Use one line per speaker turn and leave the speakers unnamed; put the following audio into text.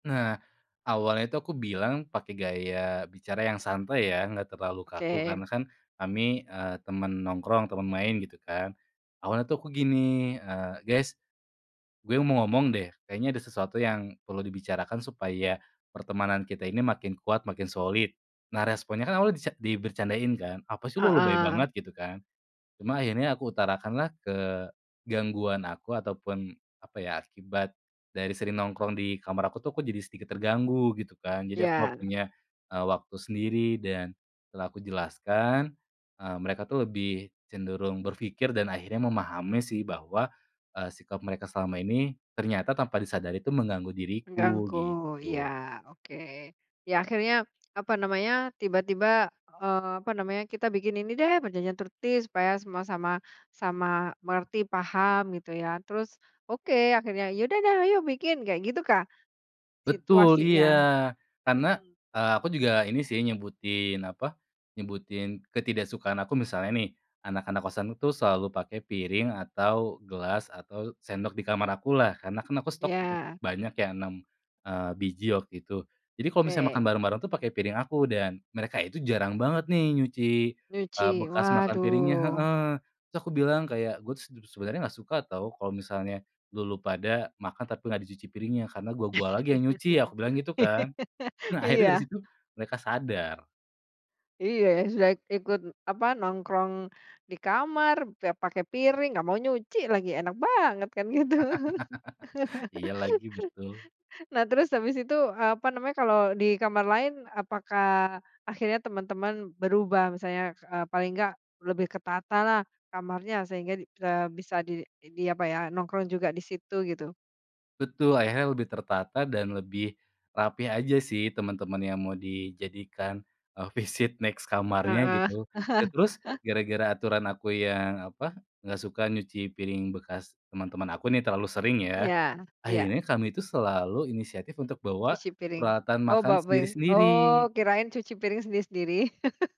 Nah, awalnya itu aku bilang pakai gaya bicara yang santai ya enggak terlalu kaku,
Oke.
karena kan kami, eee, temen nongkrong temen main gitu kan. Awalnya tuh aku gini, eee, "Guys gue mau ngomong deh kayaknya ada sesuatu yang perlu dibicarakan supaya pertemanan kita ini makin kuat, makin solid." Nah, responnya kan awalnya dica dibecandain kan. "Apa sih lu, lebay
Heeh.
banget," gitu kan. Cuma akhirnya aku utarakanlah kegangguan aku, ataupun apa ya, akibat dari sering nongkrong di kamar aku tuh aku jadi sedikit terganggu gitu kan. Jadi aku nggak
Ya.
punya, eee, waktu sendiri. Dan setelah aku jelaskan, eee, mereka tuh lebih cenderung berpikir dan akhirnya memahami sih bahwa, eee, sikap mereka selama ini ternyata tanpa disadari itu mengganggu diriku
Mengganggu, iya.
gitu.
Oke. Ya akhirnya, apa namanya, tiba-tiba, eee, apa namanya, "Kita bikin ini deh perjanjian tertib supaya semua sama sama mengerti paham," gitu ya. Terus, oke akhirnya, "Ya udah deh ayo bikin," kayak gitukah
Betul, iya.
situasinya?
Karena,
Hmm.
eee, aku juga ini sih nyebutin apa, nyebutin ketidaksukaan aku misalnya nih, anak-anak kosanku tuh selalu pakai piring atau gelas atau sendok di kamar akulah. Karena kan aku stok cukup
Ya.
banyak ya 6, eee, biji waktu itu. Jadi kalau misalnya makan
Oke.
bareng-bareng tuh pakai piring aku dan mereka itu jarang banget nih nyuci,
Nyuci.
eee, bekas makan piringnya.
Waduh.
Heeh. Terus aku bilang kayak, "Gue tuh sedu sebenernya nggak suka tau kalo misalnya lu lu pada makan tapi nggak dicuci piringnya karena gua gua lagi yang nyuci," aku bilang gitu kan. Nah akhirnya dari
Iya.
situ mereka sadar.
Iya, sudah ikut apa, nongkrong di kamar, udah pakai piring nggak mau nyuci lagi enak banget kan gitu.
Iya lagi, betul.
Nah, terus habis itu, apa namanya, kalau di kamar lain apakah akhirnya teman-teman berubah misalnya, eee, paling enggak lebih ketatalah kamarnya sehingga, eee, bisa di diapa ya, nongkrong juga di situ gitu?
Betul akhirnya lebih tertata dan lebih rapih aja sih teman-teman yang mau dijadikan, eee, visit next kamarnya
Heeh.
gitu. Dan terus gara-gara aturan aku yang apa, nggak suka nyuci piring bekas teman-teman aku nih terlalu sering ya,
Iya iya.
akhirnya kami itu selalu inisiatif untuk bawa
Cuci piring.
peralatan
Oh,
makan
bawa piring.
sendiri-sendiri.
Oh, kirain cuci piring sendiri-sendiri.